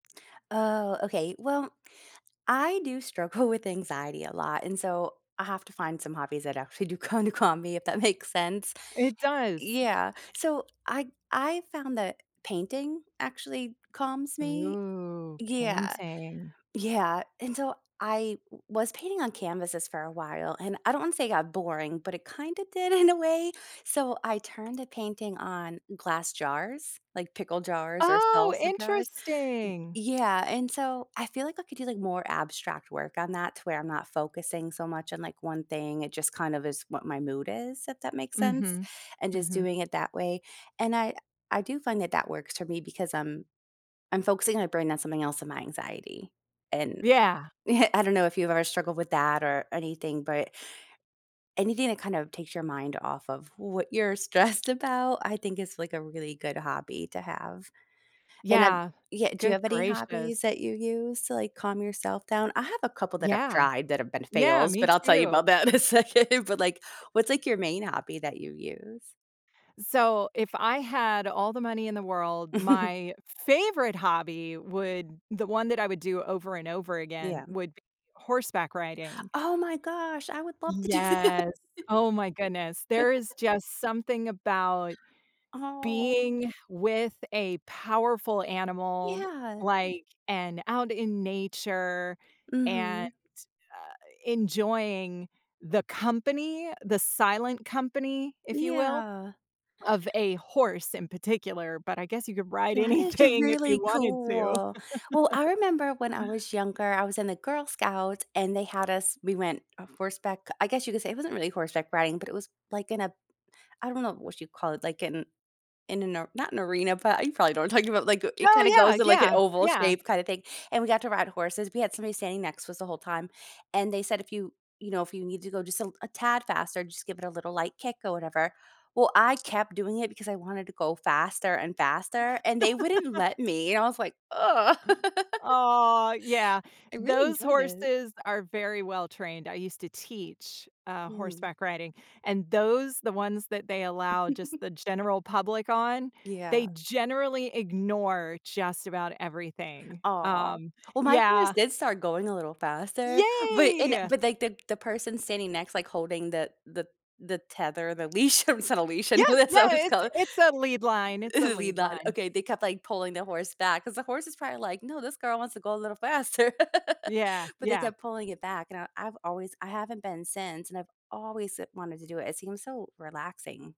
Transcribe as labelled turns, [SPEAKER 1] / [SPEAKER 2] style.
[SPEAKER 1] Oh, okay. Well, I do struggle with anxiety a lot, and, so, I have to find some hobbies that actually do kinda calm me, if that makes sense.
[SPEAKER 2] It does.
[SPEAKER 1] Yeah, so, I I found that painting actually calms me.
[SPEAKER 2] Ooh,
[SPEAKER 1] Yeah.
[SPEAKER 2] painting.
[SPEAKER 1] Yeah. And, so, I w was painting on canvases for a while, and, I don't wanna say it got boring, but it kinda did in a way. So, I turned the painting on glass jars, like, pickle jars or
[SPEAKER 2] Oh,
[SPEAKER 1] salsa jars. M
[SPEAKER 2] interesting!
[SPEAKER 1] yeah, and, so, I feel like I could do like more abstract work on that to where I'm not focusing so much on, like, one thing. It just kind of is what my mood is, if that makes sense,
[SPEAKER 2] Mhm.
[SPEAKER 1] and just
[SPEAKER 2] Mhm.
[SPEAKER 1] doing it that way and I I do find that that works for me because, um, I'm focusing my brain on something else than my anxiety, and
[SPEAKER 2] Yeah.
[SPEAKER 1] I don't know if you've ever struggled with that or anything, but anything that kinda takes your mind off of what you're stressed about, I think is, like, a really good hobby to have. And I've
[SPEAKER 2] Yeah.
[SPEAKER 1] yeah, do you
[SPEAKER 2] Good
[SPEAKER 1] have any
[SPEAKER 2] gracious.
[SPEAKER 1] hobbies that you use to, like, calm yourself down? I have a couple that I've
[SPEAKER 2] Yeah.
[SPEAKER 1] tried that have been
[SPEAKER 2] Yeah,
[SPEAKER 1] fails,
[SPEAKER 2] me
[SPEAKER 1] but I'll tell you about
[SPEAKER 2] too.
[SPEAKER 1] that in a second, but, like,
[SPEAKER 2] E
[SPEAKER 1] what's, like, your main hobby that you use?
[SPEAKER 2] So, if I had all the money in the world, my favorite hobby would the one that I would do over and over again
[SPEAKER 1] Yeah.
[SPEAKER 2] would be horseback riding.
[SPEAKER 1] Oh, my gosh, I would love to do that.
[SPEAKER 2] Yes. Oh, my goodness. There is just something about
[SPEAKER 1] Oh.
[SPEAKER 2] being with a powerful animal,
[SPEAKER 1] Yeah.
[SPEAKER 2] like and out in nature, and,
[SPEAKER 1] Mhm.
[SPEAKER 2] uh, enjoying the company, the silent company, if you will,
[SPEAKER 1] Yeah.
[SPEAKER 2] of a horse in particular, but I guess you could ride
[SPEAKER 1] That is
[SPEAKER 2] anything if you
[SPEAKER 1] really
[SPEAKER 2] wanted to.
[SPEAKER 1] cool. Well, I remember when I was younger, I was in the Girl Scouts and they had us we went horseback I guess you could say it wasn't really horseback riding, but it was like in a I don't know what you call it, like in in a not an arena, but you probably know what I'm talking about, like, it
[SPEAKER 2] Oh,
[SPEAKER 1] kinda goes
[SPEAKER 2] yeah,
[SPEAKER 1] to, like, an
[SPEAKER 2] yeah,
[SPEAKER 1] oval
[SPEAKER 2] yeah.
[SPEAKER 1] shape kinda thing, and we got to ride horses, we had somebody standing next to us the whole time and they said, "If you, you know, if you need to go just a a tad faster, just give it a little light kick or whatever." Well, I kept doing it because I wanted to go faster and faster, and they wouldn't let me, and I was like, "Ugh."
[SPEAKER 2] Aw, yeah.
[SPEAKER 1] I really
[SPEAKER 2] Those
[SPEAKER 1] enjoyed it.
[SPEAKER 2] horses are very well trained. I used to teach, uh,
[SPEAKER 1] Mm.
[SPEAKER 2] horseback riding, and those the ones that they allow just the general public on, they
[SPEAKER 1] Yeah.
[SPEAKER 2] generally ignore just about everything.
[SPEAKER 1] Aw.
[SPEAKER 2] Um,
[SPEAKER 1] Well, my horse
[SPEAKER 2] yeah.
[SPEAKER 1] did start going a little faster, but and
[SPEAKER 2] Yay.
[SPEAKER 1] but, like, the the person standing next, like, holding the the the tether the leash, I mean it's not a leash.
[SPEAKER 2] Yeah.
[SPEAKER 1] And who that's
[SPEAKER 2] Yeah.
[SPEAKER 1] what
[SPEAKER 2] I
[SPEAKER 1] it's
[SPEAKER 2] it's
[SPEAKER 1] called.
[SPEAKER 2] it's a lead line, it's a
[SPEAKER 1] Lean
[SPEAKER 2] lead
[SPEAKER 1] line.
[SPEAKER 2] line.
[SPEAKER 1] Okay, they kept, like, pulling the horse back 'cause the horse is probably like, "No, this girl wants to go a little faster."
[SPEAKER 2] Yeah,
[SPEAKER 1] But they
[SPEAKER 2] yeah.
[SPEAKER 1] kept pulling it back, and I I've always I haven't been since, and I've always se wanted to do it, it seems so relaxing.